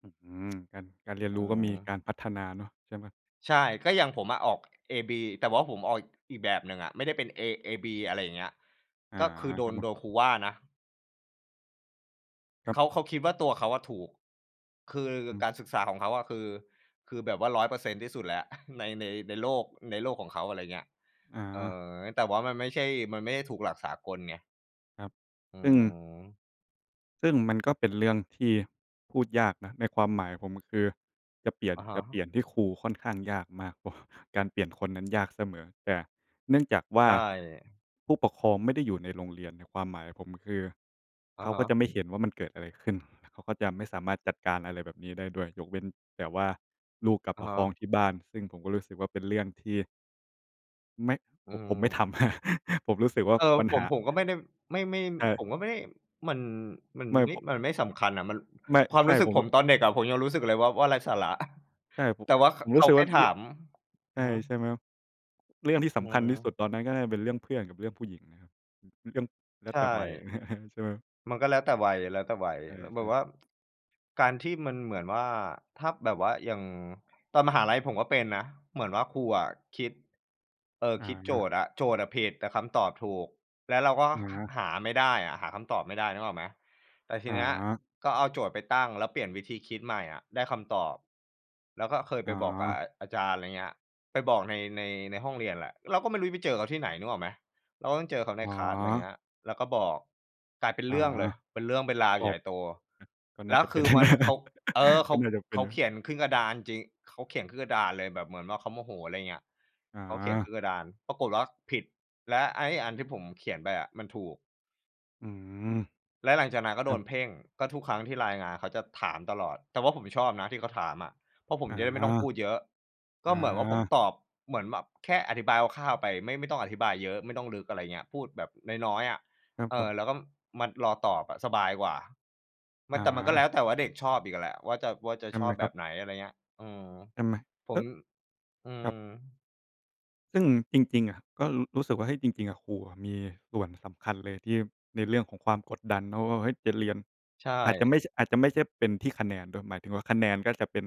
[SPEAKER 2] อื้อฮือ การ การเรียน
[SPEAKER 1] อื
[SPEAKER 2] รู้ก็มีก
[SPEAKER 1] อ
[SPEAKER 2] ารพัฒนาเนาะ ใช่ไหม?
[SPEAKER 1] ใช่ ก็อย่างผมอะออกเอ บี แต่ว่าผมออกอีกแบบหนึ่งอะ ไม่ได้เป็นเอ เอ บี อะไรอย่างเงี้ย
[SPEAKER 2] อา
[SPEAKER 1] ก็คือโด
[SPEAKER 2] ครั
[SPEAKER 1] น
[SPEAKER 2] บผ
[SPEAKER 1] โด
[SPEAKER 2] ม
[SPEAKER 1] นครูว่านะ
[SPEAKER 2] ครั
[SPEAKER 1] เข
[SPEAKER 2] บ
[SPEAKER 1] า เขาคิดว่าตัวเขาอะถูก คือ
[SPEAKER 2] อืม
[SPEAKER 1] การศึกษาของเขาอะ คือ คือแบบว่า 100% ที่สุดแล้ว ใน ใน ในโลก ในโลกของเขา อะไรอย่างเงี้ย
[SPEAKER 2] อ
[SPEAKER 1] เอ่
[SPEAKER 2] า
[SPEAKER 1] อ แต่ว่ามันไม่ใช่ มันไม่ได้ถูกหลักสากลไง
[SPEAKER 2] ครับ
[SPEAKER 1] อื
[SPEAKER 2] ซึ่ง
[SPEAKER 1] อ
[SPEAKER 2] ซึ่งมันก็เป็นเรื่องที่พูดยากนะ ในความหมายผม คือ จะเปลี่ยน
[SPEAKER 1] อะฮ
[SPEAKER 2] จะเป
[SPEAKER 1] ะ
[SPEAKER 2] ลี่ยนที่ครูค่อนข้างยากมากกว่า การเปลี่ยนคนนั้นยากเสมอ แต่เนื่องจากว่
[SPEAKER 1] ใ
[SPEAKER 2] า
[SPEAKER 1] ช่
[SPEAKER 2] ผู้ปกครองไม่ได้อยู่ในโรงเรียน ในความหมายผม คือ
[SPEAKER 1] อ
[SPEAKER 2] เ
[SPEAKER 1] ะ
[SPEAKER 2] ขา
[SPEAKER 1] ฮ
[SPEAKER 2] ก็
[SPEAKER 1] ะ
[SPEAKER 2] จะไม่เห็นว่ามันเกิดอะไรขึ้น? แล้วเขาก็จะไม่สามารถจัดการอะไรแบบนี้ได้ด้วย ยกเว้นแต่ว่าลูกกลับ
[SPEAKER 1] อะ
[SPEAKER 2] มา
[SPEAKER 1] ฮ
[SPEAKER 2] ฟ้อง
[SPEAKER 1] ะ
[SPEAKER 2] ที่บ้าน ซึ่งผมก็รู้สึกว่า เป็นเรื่องที่ ไม่
[SPEAKER 1] อื
[SPEAKER 2] ผม ผมไม่ท
[SPEAKER 1] อ
[SPEAKER 2] ำ [chuckles] ผมรู้สึกว่า
[SPEAKER 1] เออ
[SPEAKER 2] ปัญ
[SPEAKER 1] ผ
[SPEAKER 2] ห
[SPEAKER 1] ม
[SPEAKER 2] า
[SPEAKER 1] ผมก็ไม่ได้ ไม่ ไม่
[SPEAKER 2] ใช
[SPEAKER 1] ผ
[SPEAKER 2] ่
[SPEAKER 1] มก็ไม่ มัน มัน
[SPEAKER 2] ไม่
[SPEAKER 1] ไม่
[SPEAKER 2] ผม
[SPEAKER 1] มันไม่สำคัญน่ะ มัน
[SPEAKER 2] ไม่
[SPEAKER 1] ความ
[SPEAKER 2] ใช
[SPEAKER 1] ร
[SPEAKER 2] ่
[SPEAKER 1] ู้สึ
[SPEAKER 2] ผ
[SPEAKER 1] ก
[SPEAKER 2] ม
[SPEAKER 1] ผ
[SPEAKER 2] ร
[SPEAKER 1] มตอนเด็กอะ ผมยังรู้สึกเลยว่า ว่าไร้สาระ [chuckles]
[SPEAKER 2] ใช่ ผม
[SPEAKER 1] แต่
[SPEAKER 2] ผ
[SPEAKER 1] ว่
[SPEAKER 2] ม
[SPEAKER 1] า ข
[SPEAKER 2] ผม
[SPEAKER 1] เข
[SPEAKER 2] รู้
[SPEAKER 1] า
[SPEAKER 2] สึก
[SPEAKER 1] แค
[SPEAKER 2] ว่
[SPEAKER 1] ่
[SPEAKER 2] า
[SPEAKER 1] ถา
[SPEAKER 2] ล
[SPEAKER 1] ม
[SPEAKER 2] ใ
[SPEAKER 1] อ
[SPEAKER 2] ช
[SPEAKER 1] ื
[SPEAKER 2] ่
[SPEAKER 1] อฮึ
[SPEAKER 2] ใช่ไหมครับ? เรื่องที่
[SPEAKER 1] อ
[SPEAKER 2] ส
[SPEAKER 1] ือฮ
[SPEAKER 2] ำคัญที่สุด
[SPEAKER 1] ึ
[SPEAKER 2] ตอนนั้น ก็น่าจะป็นเรื่องเพื่อนกับเรื่องผู้หญิงนะครับ เรื่อง แล้ว
[SPEAKER 1] ใช
[SPEAKER 2] แต่
[SPEAKER 1] ่
[SPEAKER 2] วัย [chuckles] ใช่ไหม?
[SPEAKER 1] มันก็แล้วแต่วัย แล้วแต่วัย
[SPEAKER 2] น่า
[SPEAKER 1] ล
[SPEAKER 2] จะ
[SPEAKER 1] แ
[SPEAKER 2] ใ
[SPEAKER 1] บ
[SPEAKER 2] ช่
[SPEAKER 1] บว่า การที่มันเหมือนว่า ถ้า แบบว่าอย่างตอนมหาลัยผมก็เป็นนะ เหมือนว่าครูอะคิด เอ่อ
[SPEAKER 2] อ
[SPEAKER 1] คิดโจ
[SPEAKER 2] า
[SPEAKER 1] ทย์อะ โจทย์อะผิด แต่คำตอบถูก แล้วเราก็
[SPEAKER 2] หน
[SPEAKER 1] ห
[SPEAKER 2] า
[SPEAKER 1] หาไม่ได้อะ หาคำตอบไม่ได้ นึกออกไหม? แต่ที
[SPEAKER 2] อ
[SPEAKER 1] เนี้ย
[SPEAKER 2] า
[SPEAKER 1] ก็เอาโจทย์ไปตั้ง แล้วเปลี่ยนวิธีคิดใหม่อะได้คำตอบ แล้วก็เคยไ
[SPEAKER 2] อ
[SPEAKER 1] ปบอกกะ
[SPEAKER 2] า
[SPEAKER 1] อา อาจารย์ อะไรเงี้ย ไปบอกใน ใน ในห้องเรียนแหละ เราก็ไม่รู้จะไปเจอเขาที่ไหนนึกออกไหม? เราต้องเจอเขาใน
[SPEAKER 2] อ๋
[SPEAKER 1] คลาส อะไร
[SPEAKER 2] อ
[SPEAKER 1] เงี้ย แล้วก็บอก กลายเป็น
[SPEAKER 2] อ๋
[SPEAKER 1] เ
[SPEAKER 2] อ
[SPEAKER 1] รื่องเลย เป็นเรื่องเป็นราว
[SPEAKER 2] ก็
[SPEAKER 1] ใ
[SPEAKER 2] อ
[SPEAKER 1] หญ
[SPEAKER 2] า
[SPEAKER 1] ่โต
[SPEAKER 2] ก็น
[SPEAKER 1] แ
[SPEAKER 2] ่
[SPEAKER 1] ล
[SPEAKER 2] า
[SPEAKER 1] ้ว
[SPEAKER 2] จะเ
[SPEAKER 1] ค
[SPEAKER 2] ป็
[SPEAKER 1] ื
[SPEAKER 2] น
[SPEAKER 1] อมัน เขา
[SPEAKER 2] [laughs]
[SPEAKER 1] เออ เข
[SPEAKER 2] ก็
[SPEAKER 1] า
[SPEAKER 2] น่าจะเป
[SPEAKER 1] เ
[SPEAKER 2] ็
[SPEAKER 1] ข
[SPEAKER 2] น
[SPEAKER 1] า
[SPEAKER 2] น
[SPEAKER 1] เข
[SPEAKER 2] ะ
[SPEAKER 1] ียนขึ้นกระดานจริง เขาเขียนขึ้นกระดานเลย แบบเหมือนว่าเขาโมโห อะไรเงี้ย
[SPEAKER 2] อ
[SPEAKER 1] เขาเขียนข
[SPEAKER 2] า
[SPEAKER 1] ึ้นกระดาน ปรากฎว่าผิด และไอ้อันที่ผมเขียนไปอะมันถูก
[SPEAKER 2] อือ
[SPEAKER 1] และหลังจากนั้นก็
[SPEAKER 2] ค
[SPEAKER 1] โด
[SPEAKER 2] รั
[SPEAKER 1] น
[SPEAKER 2] บ
[SPEAKER 1] เพ่ง ก็ทุกครั้งที่รายงาน เขาจะถามตลอด แต่ว่าผมชอบนะที่เขาถามอะ เพราะผม
[SPEAKER 2] อา
[SPEAKER 1] จะได้ไม่ต้องพูดเยอะ ก
[SPEAKER 2] อ
[SPEAKER 1] ็เหมือนว่าผม
[SPEAKER 2] า
[SPEAKER 1] ตอบ เหมือนแบบแค่อธิบายคร่าว ๆ ไป ไม่ ไม่ต้องอธิบายเยอะ ไม่ต้องลึก อะไรอย่างเงี้ย พูดแบบน้อย ๆ อะ
[SPEAKER 2] ครับ
[SPEAKER 1] เอ
[SPEAKER 2] ผ
[SPEAKER 1] อ
[SPEAKER 2] ม
[SPEAKER 1] แล้วก็มารอตอบอะสบายกว่า มั
[SPEAKER 2] อ
[SPEAKER 1] น แต่มันก็แล้
[SPEAKER 2] า
[SPEAKER 1] วแต่ว่าเด็กชอบอีกอะแหละ ว่าจะ ว่าจะ
[SPEAKER 2] ท
[SPEAKER 1] ช
[SPEAKER 2] ำไ
[SPEAKER 1] อ
[SPEAKER 2] ม
[SPEAKER 1] บ
[SPEAKER 2] ค
[SPEAKER 1] แบ
[SPEAKER 2] รับ?
[SPEAKER 1] บไหน? อะไรอย่างเงี้ย อือ
[SPEAKER 2] ทำไม
[SPEAKER 1] ผ
[SPEAKER 2] เอ
[SPEAKER 1] ม
[SPEAKER 2] อ
[SPEAKER 1] อื
[SPEAKER 2] ครั
[SPEAKER 1] อ
[SPEAKER 2] บ ซึ่งจริง ๆ อะ ก็ ร รู้สึกว่า เฮ้ย จริง ๆ อะครูอะมีส่วนสำคัญเลย ที่ ในเรื่องของความกดดันเนาะว่า เฮ้ย! จะเรียน
[SPEAKER 1] ใช
[SPEAKER 2] อาจจะไ
[SPEAKER 1] ่
[SPEAKER 2] ม่ใช่ อาจจะไม่ใช่เป็นที่คะแนนด้วย หมายถึงว่า คะแนนก็จะเป็น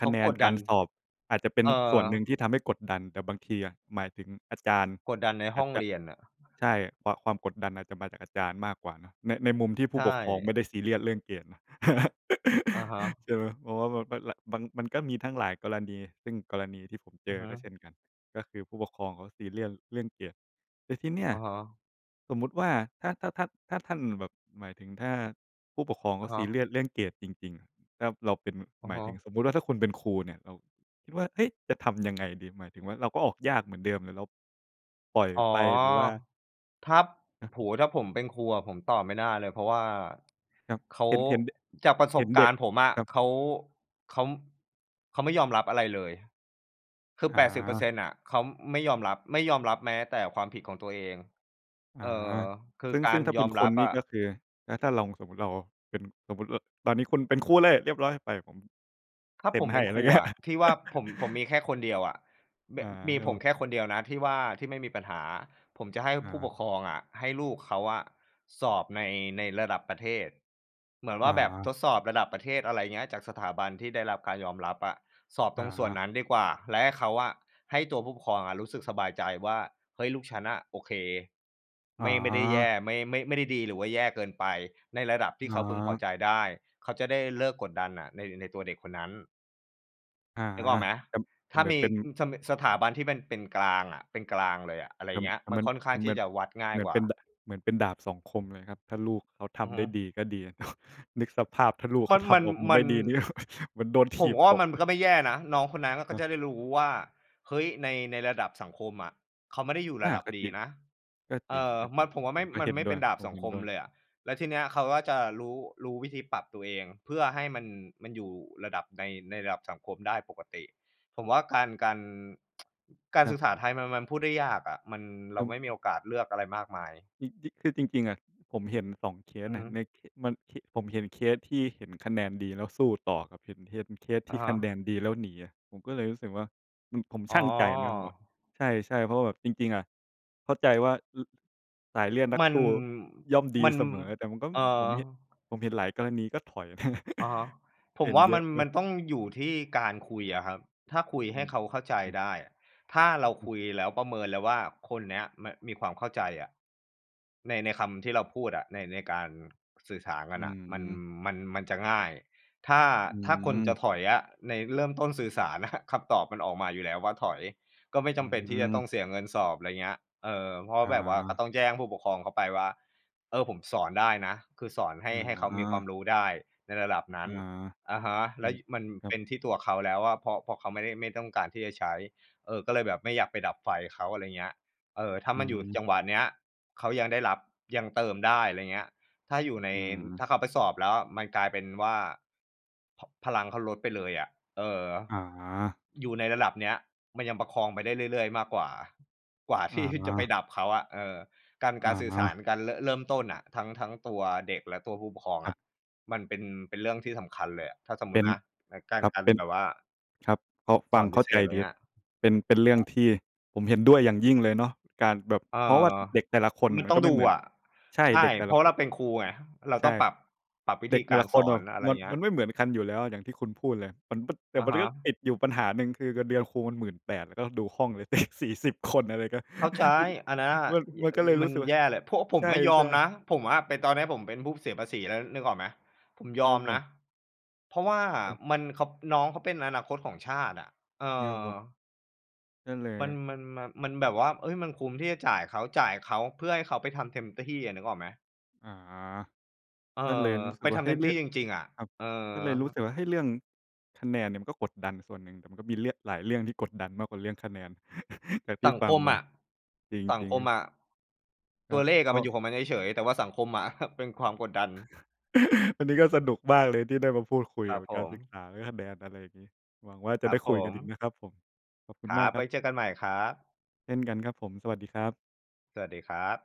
[SPEAKER 2] ค
[SPEAKER 1] เข
[SPEAKER 2] ะ
[SPEAKER 1] า
[SPEAKER 2] แน
[SPEAKER 1] ก
[SPEAKER 2] น
[SPEAKER 1] ด
[SPEAKER 2] ก
[SPEAKER 1] ด
[SPEAKER 2] า
[SPEAKER 1] ั
[SPEAKER 2] ร
[SPEAKER 1] น
[SPEAKER 2] สอบ อาจจะเป็
[SPEAKER 1] เ
[SPEAKER 2] น
[SPEAKER 1] อ
[SPEAKER 2] ส่
[SPEAKER 1] อ
[SPEAKER 2] วนหนึ่งที่ทำให้กดดัน แต่บางทีอะ หมายถึงอาจารย์
[SPEAKER 1] กดดันใน
[SPEAKER 2] อ
[SPEAKER 1] ห
[SPEAKER 2] า
[SPEAKER 1] ้
[SPEAKER 2] จ
[SPEAKER 1] อง
[SPEAKER 2] จะ
[SPEAKER 1] เรียนน่ะ
[SPEAKER 2] ใช่ ความ ความกดดันอาจจะมาจากอาจารย์มากกว่าเนาะ ใน ในมุมที่ผ
[SPEAKER 1] ใ
[SPEAKER 2] ู
[SPEAKER 1] ช
[SPEAKER 2] ้ปกครอง
[SPEAKER 1] ่
[SPEAKER 2] ไม่ได้ซีเรียสเรื่องเกรดเนาะ
[SPEAKER 1] อะฮะ
[SPEAKER 2] [laughs] ใช่ไหม? เพราะว่า [unintelligible] มันมีทั้งหลายกรณี ซึ่งกรณีที่ผมเ
[SPEAKER 1] อ
[SPEAKER 2] จ
[SPEAKER 1] ือ
[SPEAKER 2] อ
[SPEAKER 1] ฮึ
[SPEAKER 2] ก็เช่นกัน ก็คือ ผู้ปกครองเขาซีเรียสเรื่องเกรด แต่ที่เนี่ย
[SPEAKER 1] อะฮะ
[SPEAKER 2] สมมติว่า ถ้า ถ้า ถ้า ถ้าท่านแบบ หมายถึง ถ้าผู้ปกครองเข
[SPEAKER 1] อ
[SPEAKER 2] า
[SPEAKER 1] ะฮ
[SPEAKER 2] ซีเร
[SPEAKER 1] ะ
[SPEAKER 2] ียสเรื่องเกรดจริง ๆ แล้วเราเป็น
[SPEAKER 1] อะ
[SPEAKER 2] หมา
[SPEAKER 1] ฮ
[SPEAKER 2] ยถึง
[SPEAKER 1] ะ
[SPEAKER 2] สมมติ ถ้าคุณเป็นครูเนี่ย เราคิดว่า เฮ้ย! จะทำยังไงดี? หมายถึงว่า เราก็ออกยากเหมือนเดิม หรือเราปล่อย
[SPEAKER 1] อ๋อ
[SPEAKER 2] ไป หรือว่า
[SPEAKER 1] ถ้า
[SPEAKER 2] ฮะ
[SPEAKER 1] โอ้โฮ ถ้าผมเป็นครูอะผมตอบไม่ได้เลย เพราะว่า
[SPEAKER 2] ครับ
[SPEAKER 1] เขา
[SPEAKER 2] เห็น เห็น ด
[SPEAKER 1] จากประส
[SPEAKER 2] เห็
[SPEAKER 1] บ
[SPEAKER 2] น
[SPEAKER 1] ก
[SPEAKER 2] เด
[SPEAKER 1] า
[SPEAKER 2] ็
[SPEAKER 1] ร
[SPEAKER 2] ก
[SPEAKER 1] ณ์ผมอะ
[SPEAKER 2] ครับ
[SPEAKER 1] เขา เขา ม เขาไม่ยอมรับอะไรเลย คือ
[SPEAKER 2] อ
[SPEAKER 1] แปดสิบเปอร์เซ
[SPEAKER 2] า
[SPEAKER 1] ็นต์ น่ะ เขาไม่ยอมรับ ไม่ยอมรับแม้แต่ความผิดของตัวเอง
[SPEAKER 2] อ
[SPEAKER 1] เอ
[SPEAKER 2] า
[SPEAKER 1] อ คื
[SPEAKER 2] ซ
[SPEAKER 1] อ
[SPEAKER 2] ึ่ง
[SPEAKER 1] ก
[SPEAKER 2] ซ
[SPEAKER 1] า
[SPEAKER 2] ึ่
[SPEAKER 1] ร
[SPEAKER 2] งถ้าเ
[SPEAKER 1] ย
[SPEAKER 2] ป็
[SPEAKER 1] อ
[SPEAKER 2] น
[SPEAKER 1] ม
[SPEAKER 2] ค
[SPEAKER 1] รั
[SPEAKER 2] น
[SPEAKER 1] บ
[SPEAKER 2] นี
[SPEAKER 1] อ
[SPEAKER 2] ่
[SPEAKER 1] ะ
[SPEAKER 2] ก็คือ แล้วถ้าลองสมมติเราเป็น สมมติ อ ตอนนี้คุณเป็นครูเลย เรียบร้อยไป ผม
[SPEAKER 1] ถ้า
[SPEAKER 2] เซ็
[SPEAKER 1] ผ
[SPEAKER 2] น
[SPEAKER 1] ม
[SPEAKER 2] ให
[SPEAKER 1] เป
[SPEAKER 2] ้
[SPEAKER 1] ็น
[SPEAKER 2] ไ
[SPEAKER 1] ค
[SPEAKER 2] ร
[SPEAKER 1] รู
[SPEAKER 2] เงี้
[SPEAKER 1] อ
[SPEAKER 2] ย
[SPEAKER 1] ะ ที่ว่าผม ผม
[SPEAKER 2] [laughs]
[SPEAKER 1] มีแค่คนเดียวอะ บ
[SPEAKER 2] อา
[SPEAKER 1] มี
[SPEAKER 2] ครับ
[SPEAKER 1] ผ
[SPEAKER 2] ผ
[SPEAKER 1] ม
[SPEAKER 2] ม
[SPEAKER 1] แค่คนเดียวนะที่ว่า ที่ไม่มีปัญหาอะ ผมจะให้
[SPEAKER 2] อ
[SPEAKER 1] ผู้ป
[SPEAKER 2] า
[SPEAKER 1] กครองอะ ให้ลูกเขาอะสอบใน ในระดับประเทศ เหมือนว
[SPEAKER 2] อ
[SPEAKER 1] ่าแบบ
[SPEAKER 2] า
[SPEAKER 1] ทดสอบระดับประเทศ อะไรอย่างเงี้ย จากสถาบันที่ได้รับการยอมรับอะ สอบ
[SPEAKER 2] อ
[SPEAKER 1] ตรงส่วน
[SPEAKER 2] า
[SPEAKER 1] นั้นดีกว่า และให้เขาอะ ให้ตัวผู้ปกครองอะรู้สึกสบายใจว่า เฮ้ย! ลูกฉันน่ะโอเค
[SPEAKER 2] อ
[SPEAKER 1] ไม่ ไม่ได้แย่
[SPEAKER 2] า
[SPEAKER 1] ไม่ ไม่ ไม่ได้ดีหรือว่าแย่เกินไป ในระดับท
[SPEAKER 2] อ
[SPEAKER 1] ี่เขาพึงพอ
[SPEAKER 2] า
[SPEAKER 1] ใจได้ เขาจะได้เลิกกดดันน่ะ ใน ในตัวเด็กคนนั้น
[SPEAKER 2] อา
[SPEAKER 1] นึกออกไหม?
[SPEAKER 2] ครับ
[SPEAKER 1] ถ้
[SPEAKER 2] เ
[SPEAKER 1] า
[SPEAKER 2] หมือ
[SPEAKER 1] ม
[SPEAKER 2] น
[SPEAKER 1] ี
[SPEAKER 2] เป็น
[SPEAKER 1] อืม ส ม สถาบันที่มันเป็นกลางอะ เป็นกลางเลยอะ อะไร
[SPEAKER 2] แต่
[SPEAKER 1] เงี้ย
[SPEAKER 2] แต่
[SPEAKER 1] มัน
[SPEAKER 2] มัน
[SPEAKER 1] ค่อนข้
[SPEAKER 2] แต
[SPEAKER 1] าง
[SPEAKER 2] ่เห
[SPEAKER 1] ท
[SPEAKER 2] ม
[SPEAKER 1] ี
[SPEAKER 2] ื
[SPEAKER 1] ่
[SPEAKER 2] อน
[SPEAKER 1] จะวัดง่
[SPEAKER 2] เ
[SPEAKER 1] า
[SPEAKER 2] ห
[SPEAKER 1] ย
[SPEAKER 2] มือน
[SPEAKER 1] กว
[SPEAKER 2] เ
[SPEAKER 1] ่
[SPEAKER 2] ป
[SPEAKER 1] า
[SPEAKER 2] ็น ด เหมือนเป็นดาบ 2 คมเลยครับ ถ้าลูกเขาท
[SPEAKER 1] อือ
[SPEAKER 2] ำ
[SPEAKER 1] ฮ
[SPEAKER 2] ได้
[SPEAKER 1] ึ
[SPEAKER 2] ดี ก็ดี [chuckles] นึกสภาพถ้าลูกเ
[SPEAKER 1] ม
[SPEAKER 2] ข
[SPEAKER 1] ั
[SPEAKER 2] า
[SPEAKER 1] น
[SPEAKER 2] ท
[SPEAKER 1] มั
[SPEAKER 2] ำ
[SPEAKER 1] น
[SPEAKER 2] ออกมา
[SPEAKER 1] ม
[SPEAKER 2] ไม
[SPEAKER 1] ัน
[SPEAKER 2] ่ดี นี่ เหมือนโดนถ
[SPEAKER 1] ผม
[SPEAKER 2] ีบ
[SPEAKER 1] ก็ว่
[SPEAKER 2] ต
[SPEAKER 1] าม
[SPEAKER 2] ก
[SPEAKER 1] ันก็ไม่แย่นะ น้องคนนั้นอะเข
[SPEAKER 2] ค
[SPEAKER 1] า
[SPEAKER 2] รั
[SPEAKER 1] จ
[SPEAKER 2] บ
[SPEAKER 1] ะได้รู้ว่า เฮ้ย! ใน ในระดับสังคมอะ เขาไม่ได้อยู่
[SPEAKER 2] อ
[SPEAKER 1] ร
[SPEAKER 2] า
[SPEAKER 1] ะดับ
[SPEAKER 2] ก็
[SPEAKER 1] ดี
[SPEAKER 2] จริง
[SPEAKER 1] นะ
[SPEAKER 2] ก็
[SPEAKER 1] เ
[SPEAKER 2] จ
[SPEAKER 1] อ
[SPEAKER 2] ร
[SPEAKER 1] อ มั
[SPEAKER 2] ิ
[SPEAKER 1] น
[SPEAKER 2] ง
[SPEAKER 1] ผมว่า
[SPEAKER 2] ๆ ผ
[SPEAKER 1] ไม่
[SPEAKER 2] มก็
[SPEAKER 1] มั
[SPEAKER 2] เห
[SPEAKER 1] น
[SPEAKER 2] ็น
[SPEAKER 1] ไม่
[SPEAKER 2] ด้
[SPEAKER 1] เป
[SPEAKER 2] ว
[SPEAKER 1] ็
[SPEAKER 2] ย
[SPEAKER 1] นดาบ
[SPEAKER 2] ผม
[SPEAKER 1] 2
[SPEAKER 2] เห็
[SPEAKER 1] ค
[SPEAKER 2] น
[SPEAKER 1] ม
[SPEAKER 2] ด้วย
[SPEAKER 1] เลยอะ แล้วทีเนี้ยเขาก็จะรู้ รู้วิธีปรับตัวเอง เพื่อให้มัน มันอยู่ระดับใน ในระดับสังคมได้ปกติ ผมว่าการ การ [tsk] การ
[SPEAKER 2] คร
[SPEAKER 1] ศ
[SPEAKER 2] ั
[SPEAKER 1] ึ
[SPEAKER 2] บ
[SPEAKER 1] กษาไทยมัน มันพูดได้ยากอะ มัน เร
[SPEAKER 2] อ
[SPEAKER 1] า
[SPEAKER 2] ื
[SPEAKER 1] ไ
[SPEAKER 2] ม
[SPEAKER 1] ม่มีโอกาสเลือกอะไรมากมาย
[SPEAKER 2] จริง จ คือจริง ๆ อะ ผมเห็น 2 เค
[SPEAKER 1] อ
[SPEAKER 2] ส
[SPEAKER 1] ือ
[SPEAKER 2] น
[SPEAKER 1] ฮ
[SPEAKER 2] ่ะ
[SPEAKER 1] ึ
[SPEAKER 2] ใน ท มัน ท ผมเห็นเคสที่เห็นคะแนนดีแล้วสู้ต่อกับเห็น เห็นเคส เคส
[SPEAKER 1] อ
[SPEAKER 2] ที
[SPEAKER 1] ะ
[SPEAKER 2] ่
[SPEAKER 1] ฮ
[SPEAKER 2] คะแ
[SPEAKER 1] ะ
[SPEAKER 2] นนดีแล้วหนีอะ ผมก็เลยรู้สึกว่า มัน ผม
[SPEAKER 1] อ
[SPEAKER 2] ช
[SPEAKER 1] ๋อ
[SPEAKER 2] ั่งใจนะว่า ใช่ ๆ เพราะว่าแบบจริง ๆ อะ เข้าใจว่า อือ สายเลือดนัก
[SPEAKER 1] มั
[SPEAKER 2] ส
[SPEAKER 1] น
[SPEAKER 2] ู้ย่อมดี
[SPEAKER 1] มัน
[SPEAKER 2] เสมอ แต่มันก็
[SPEAKER 1] เออ
[SPEAKER 2] ผมเห็น ผมเห็นหลายกรณีก็ถอย
[SPEAKER 1] อะฮะ
[SPEAKER 2] [chuckles]
[SPEAKER 1] ผ
[SPEAKER 2] เห
[SPEAKER 1] ม
[SPEAKER 2] ็น
[SPEAKER 1] ว่า
[SPEAKER 2] เย
[SPEAKER 1] ม
[SPEAKER 2] อ
[SPEAKER 1] ั
[SPEAKER 2] ะ
[SPEAKER 1] น
[SPEAKER 2] เอ
[SPEAKER 1] ม
[SPEAKER 2] อ
[SPEAKER 1] ันต้องอยู่ที่การคุยอะครับ ถ้าคุย
[SPEAKER 2] อ
[SPEAKER 1] ให
[SPEAKER 2] ื
[SPEAKER 1] ้
[SPEAKER 2] อ
[SPEAKER 1] เขาเข้าใจ
[SPEAKER 2] ครับ
[SPEAKER 1] ได้อะ ถ้าเรา
[SPEAKER 2] อื
[SPEAKER 1] ค
[SPEAKER 2] ม
[SPEAKER 1] ุยแล้วประเมินแล้วว่า คนเนี้ย ม มีความเข้าใจอะ ใน ในคำที่เราพูดอะ ใน ในการสื่อสารกั
[SPEAKER 2] อ
[SPEAKER 1] น
[SPEAKER 2] ื
[SPEAKER 1] น่ะ มัน
[SPEAKER 2] อ
[SPEAKER 1] มัน มันจะง่าย ถ้า
[SPEAKER 2] อื
[SPEAKER 1] ถ้าคนจะ
[SPEAKER 2] อ
[SPEAKER 1] ถอยอะ ใน เริ่มต้นสื่อสาร น่ะ คำตอบมันออกมาอยู่แล้วว่าถอย ก็ไม่
[SPEAKER 2] อ
[SPEAKER 1] จ
[SPEAKER 2] ื
[SPEAKER 1] ำเป็นที่จะต้อ
[SPEAKER 2] อ
[SPEAKER 1] งเสียเงินสอบ อะไรเงี้ย เออ เพราะ
[SPEAKER 2] อ
[SPEAKER 1] แบบว่าก็
[SPEAKER 2] า
[SPEAKER 1] ต้องแจ้งผู้ปกครองเขาไปว่า เออ ผมสอนได้นะ คือสอนให
[SPEAKER 2] อ
[SPEAKER 1] ้ ให้เขามีความ
[SPEAKER 2] า
[SPEAKER 1] รู้ได้ในระดับนั
[SPEAKER 2] อ
[SPEAKER 1] ้น
[SPEAKER 2] า
[SPEAKER 1] อะฮะ
[SPEAKER 2] อ
[SPEAKER 1] แ
[SPEAKER 2] ื
[SPEAKER 1] ล้ว
[SPEAKER 2] ม
[SPEAKER 1] ย มัน
[SPEAKER 2] ครั
[SPEAKER 1] เป
[SPEAKER 2] บ
[SPEAKER 1] ็นที่ตัวเขาแล้วว่า เพราะ เพราะเขาไม่ได้ ไม่ต้องการที่จะใช้ เออ ก็เลยแบบไม่อยากไปดับไฟเขา อะไรเงี้ย เออ ถ้า
[SPEAKER 2] อื
[SPEAKER 1] มันอยู่
[SPEAKER 2] ม
[SPEAKER 1] จังหวะเนี้ย เขายังได้รับ ยังเติมได้ อะไรเงี้ย ถ้าอยู่ใน
[SPEAKER 2] อื
[SPEAKER 1] ถ้
[SPEAKER 2] ม
[SPEAKER 1] าเขาไปสอบแล้วอะมันกลายเป็นว่า พ พลังเขาลดไปเลยอะ เออ
[SPEAKER 2] อา
[SPEAKER 1] อยู่ในระดับเนี้ยมันยังประคองไปได้เรื่อย ๆ มากกว่า กว่า
[SPEAKER 2] อ
[SPEAKER 1] ที่ จะไป
[SPEAKER 2] า
[SPEAKER 1] ดับเขาอะ เออ การ
[SPEAKER 2] อ
[SPEAKER 1] การสื่อสาร
[SPEAKER 2] า
[SPEAKER 1] การ ร เริ่มต้นน่ะ ทั้ง ทั้งตัวเด็กและตัวผู้ปกครอง
[SPEAKER 2] ค
[SPEAKER 1] อ
[SPEAKER 2] รับ
[SPEAKER 1] ะ มันเป็น เป็นเรื่องที่สำคัญเลยอะ ถ้าสมม
[SPEAKER 2] เป็
[SPEAKER 1] ติ
[SPEAKER 2] น
[SPEAKER 1] นะ ก กา
[SPEAKER 2] ค
[SPEAKER 1] ร
[SPEAKER 2] รับ
[SPEAKER 1] การ
[SPEAKER 2] เป็น
[SPEAKER 1] แบบว่า
[SPEAKER 2] ครับ พอฟ
[SPEAKER 1] ส
[SPEAKER 2] ั
[SPEAKER 1] อ
[SPEAKER 2] ง
[SPEAKER 1] น
[SPEAKER 2] เ
[SPEAKER 1] พ
[SPEAKER 2] ข้
[SPEAKER 1] ิ
[SPEAKER 2] า
[SPEAKER 1] เศ
[SPEAKER 2] ใจ
[SPEAKER 1] ษ อะไร
[SPEAKER 2] ดีแ
[SPEAKER 1] เ
[SPEAKER 2] ล
[SPEAKER 1] ง
[SPEAKER 2] ้
[SPEAKER 1] ี้
[SPEAKER 2] ว
[SPEAKER 1] ย อะฮ
[SPEAKER 2] เป็น เป็นเรื่อง
[SPEAKER 1] ะ
[SPEAKER 2] ที่ผมเห็นด้วยอย่างยิ่งเลยเนาะ การแบบ
[SPEAKER 1] เออ
[SPEAKER 2] เพราะว่าเด็กแต่ละคนน
[SPEAKER 1] ม
[SPEAKER 2] ่
[SPEAKER 1] ั
[SPEAKER 2] ะ
[SPEAKER 1] น
[SPEAKER 2] มั
[SPEAKER 1] ต
[SPEAKER 2] น
[SPEAKER 1] ้อ
[SPEAKER 2] ก็
[SPEAKER 1] ง
[SPEAKER 2] ไม
[SPEAKER 1] ด
[SPEAKER 2] ่
[SPEAKER 1] ู
[SPEAKER 2] เหมือน
[SPEAKER 1] อะ
[SPEAKER 2] ใช่
[SPEAKER 1] ใช่
[SPEAKER 2] เด็กแต่
[SPEAKER 1] เพ
[SPEAKER 2] ล
[SPEAKER 1] รา
[SPEAKER 2] ะ
[SPEAKER 1] ะว่
[SPEAKER 2] ค
[SPEAKER 1] าเรา
[SPEAKER 2] น
[SPEAKER 1] เป็นครูไง เรา
[SPEAKER 2] ใช
[SPEAKER 1] ต้อ
[SPEAKER 2] ่
[SPEAKER 1] งปรับ ปรับวิ
[SPEAKER 2] เด
[SPEAKER 1] ธ
[SPEAKER 2] ็
[SPEAKER 1] ี
[SPEAKER 2] กแ
[SPEAKER 1] ก
[SPEAKER 2] ต่
[SPEAKER 1] า
[SPEAKER 2] ล
[SPEAKER 1] ร
[SPEAKER 2] ะค
[SPEAKER 1] ส
[SPEAKER 2] น
[SPEAKER 1] อ
[SPEAKER 2] แบ
[SPEAKER 1] น
[SPEAKER 2] บ
[SPEAKER 1] อะไร
[SPEAKER 2] มัน
[SPEAKER 1] เงี้
[SPEAKER 2] มั
[SPEAKER 1] ย
[SPEAKER 2] นไม่เหมือนกันอยู่แล้วอย่างที่คุณพูดเลย มันบึบ แต
[SPEAKER 1] อ
[SPEAKER 2] ่
[SPEAKER 1] ะ
[SPEAKER 2] มั
[SPEAKER 1] ฮ
[SPEAKER 2] น
[SPEAKER 1] ะ
[SPEAKER 2] ก็ติดอยู่ปัญหาหนึ่ง คือเงินเดือนครูมัน 18,000 ก็ดูห้องสิ เด็ก 40 คน อะไรก็
[SPEAKER 1] เข้าใจ
[SPEAKER 2] [chuckles]
[SPEAKER 1] อันเนี้ย
[SPEAKER 2] มัน
[SPEAKER 1] ย
[SPEAKER 2] มัน
[SPEAKER 1] อ
[SPEAKER 2] ก็
[SPEAKER 1] ย
[SPEAKER 2] เลยร
[SPEAKER 1] มั
[SPEAKER 2] ู้
[SPEAKER 1] น
[SPEAKER 2] สึกว่
[SPEAKER 1] แ
[SPEAKER 2] า
[SPEAKER 1] ย่แหละ เพราะผ
[SPEAKER 2] ใ
[SPEAKER 1] ม
[SPEAKER 2] ช
[SPEAKER 1] ก็ยอม
[SPEAKER 2] ่
[SPEAKER 1] น
[SPEAKER 2] ๆ
[SPEAKER 1] ะ ผมอะเป็น ตอนเนี้ยผมเป็นผู้เสียภาษีแล้ว นึกออกไหม? ผมย
[SPEAKER 2] คร
[SPEAKER 1] อ
[SPEAKER 2] ั
[SPEAKER 1] ม
[SPEAKER 2] บผ
[SPEAKER 1] น
[SPEAKER 2] ม
[SPEAKER 1] ะ เพราะว่า
[SPEAKER 2] อืม
[SPEAKER 1] มัน เขา น้องเขาเป็นอนาคตของชาติอะ เออ
[SPEAKER 2] [unintelligible] ก็เล
[SPEAKER 1] ม
[SPEAKER 2] ย
[SPEAKER 1] ัน มัน มัน มันแบบว่า เฮ้ย! มันคุ้มที่จะจ่ายเขา จ่ายเขาเพื่อให้เขาไปทำเต็มที่อะ นึกออกไหม?
[SPEAKER 2] อา
[SPEAKER 1] เออ
[SPEAKER 2] ก็เลยรู้ส
[SPEAKER 1] ไ
[SPEAKER 2] ึ
[SPEAKER 1] ป
[SPEAKER 2] กว
[SPEAKER 1] ท
[SPEAKER 2] ่า เ
[SPEAKER 1] ำ
[SPEAKER 2] ฮ
[SPEAKER 1] เ
[SPEAKER 2] ้
[SPEAKER 1] ต็
[SPEAKER 2] ย!
[SPEAKER 1] ม
[SPEAKER 2] เร
[SPEAKER 1] ที
[SPEAKER 2] ื่อ
[SPEAKER 1] ่
[SPEAKER 2] ง
[SPEAKER 1] จริง ๆ อะ
[SPEAKER 2] ครับ
[SPEAKER 1] เออ
[SPEAKER 2] ก็เลยรู้สึกว่า เฮ้ย! เรื่องคะแนนเนี่ย มันก็กดดันส่วนหนึ่ง แต่มันก็มีเรื่องหลายเรื่องที่กดดันมากกว่าเรื่องคะแนน [chuckles] จากที
[SPEAKER 1] ส
[SPEAKER 2] ่
[SPEAKER 1] ัง
[SPEAKER 2] ฟั
[SPEAKER 1] ค
[SPEAKER 2] ง
[SPEAKER 1] ม
[SPEAKER 2] ม
[SPEAKER 1] อ
[SPEAKER 2] า
[SPEAKER 1] ะ
[SPEAKER 2] จริง
[SPEAKER 1] สั
[SPEAKER 2] จ
[SPEAKER 1] ง
[SPEAKER 2] ริง
[SPEAKER 1] ค
[SPEAKER 2] ค
[SPEAKER 1] ม
[SPEAKER 2] รับ
[SPEAKER 1] อะ
[SPEAKER 2] คร
[SPEAKER 1] ต
[SPEAKER 2] ั
[SPEAKER 1] ัว
[SPEAKER 2] บ
[SPEAKER 1] เลขอ
[SPEAKER 2] ก
[SPEAKER 1] ะ
[SPEAKER 2] ็
[SPEAKER 1] มันอยู่ของมันเฉย ๆ แต่ว่าสังคมอะ [chuckles] เป็นความกดดัน
[SPEAKER 2] [laughs] วันนี้ก็สนุกมากเลยที่ได้มาพูดคุย
[SPEAKER 1] ค
[SPEAKER 2] เก
[SPEAKER 1] ร
[SPEAKER 2] ี
[SPEAKER 1] ั
[SPEAKER 2] ่ย
[SPEAKER 1] บ
[SPEAKER 2] วกับ
[SPEAKER 1] ผ
[SPEAKER 2] การศึก
[SPEAKER 1] ม
[SPEAKER 2] ษา เรื่องคะแนน อะไรอย่างงี้ หวังว่าจะ
[SPEAKER 1] ค
[SPEAKER 2] ไ
[SPEAKER 1] ร
[SPEAKER 2] ด
[SPEAKER 1] ั
[SPEAKER 2] ้
[SPEAKER 1] บ
[SPEAKER 2] ค
[SPEAKER 1] ผ
[SPEAKER 2] ุยกันอีก
[SPEAKER 1] ม
[SPEAKER 2] นะครับผม ขอบคุ
[SPEAKER 1] ค
[SPEAKER 2] ณ
[SPEAKER 1] ร
[SPEAKER 2] ม
[SPEAKER 1] ั
[SPEAKER 2] าก
[SPEAKER 1] บ
[SPEAKER 2] ค
[SPEAKER 1] ไ
[SPEAKER 2] ร
[SPEAKER 1] ว
[SPEAKER 2] ับ
[SPEAKER 1] ้เจอกันใหม่ครับ
[SPEAKER 2] เช่นกันครับผม สวัสดีครับ
[SPEAKER 1] สวัสดีครับ